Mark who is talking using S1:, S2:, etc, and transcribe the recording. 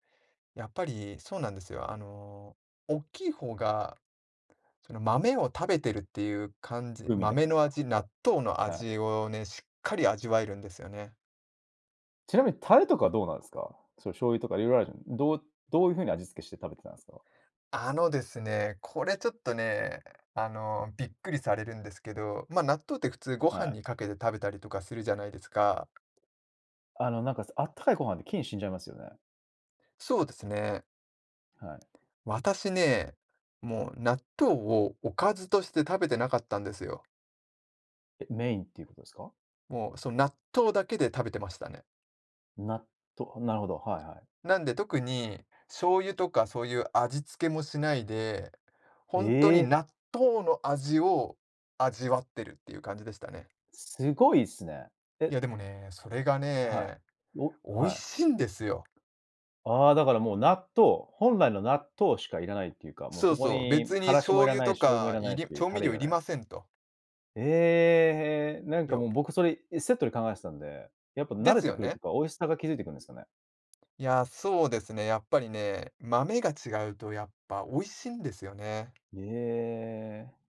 S1: やっぱり、そうなんですよ。あの、大きい方が、その豆を食べてるっていう感じ
S2: うみだ
S1: 豆の味、納豆の
S2: [unintelligible] はい。
S1: 味をね、しっかり味わえるんですよね。
S2: ちなみにタレとかはどうなんすか？その醤油とか色々あるじゃん、どうどういう風に味付けして食べてたんですか？
S1: あのですね、これちょっとね、あの、びっくりされるんですけど、ま、納豆って普通ご飯
S2: はい。
S1: に掛けて、食べたりとかするじゃないですか？
S2: あの、なんかあったかいご飯で菌死んじゃいますよね？
S1: そうですね。
S2: はい。
S1: 私ね、もう納豆をおかずとして食べてなかったんですよ。
S2: え、メインっていうことですか？
S1: もう、その納豆だけで食べてましたね。
S2: 納豆なるほど、はいはい。
S1: なんで、特に、醤油とかそういう味付けもしないで、ほんとに
S2: ええ。
S1: 納豆の味を味わってるっていう感じでしたね。
S2: すごいっすね。え
S1: いやでもね、それが
S2: は
S1: ね、
S2: い。お、
S1: 美味
S2: はい。
S1: しいんですよ。
S2: ああ、だからもう納豆、本来の納豆しか要らないっていうか、もう
S1: そ
S2: そ
S1: う
S2: こ
S1: そう。
S2: に
S1: 別に
S2: 辛子も
S1: 醤
S2: 要ら
S1: 油
S2: ない
S1: と
S2: し、醤油も
S1: か、
S2: 要らな
S1: い
S2: い
S1: り
S2: し、
S1: 調
S2: タ
S1: 味
S2: レ
S1: 料要
S2: 要ら
S1: り
S2: ない。
S1: ませんと。
S2: ええ、なんか
S1: よ
S2: もう
S1: うろ。
S2: 僕それ、セットで考えてたんで。やっぱ慣
S1: で
S2: れ
S1: す
S2: て
S1: よ
S2: くるっていう
S1: ね。
S2: か、美味しさが気付いてくんですかね？
S1: いや、そうですね、やっぱりね、豆が違うとやっぱ美味しいんですよね。
S2: ええ。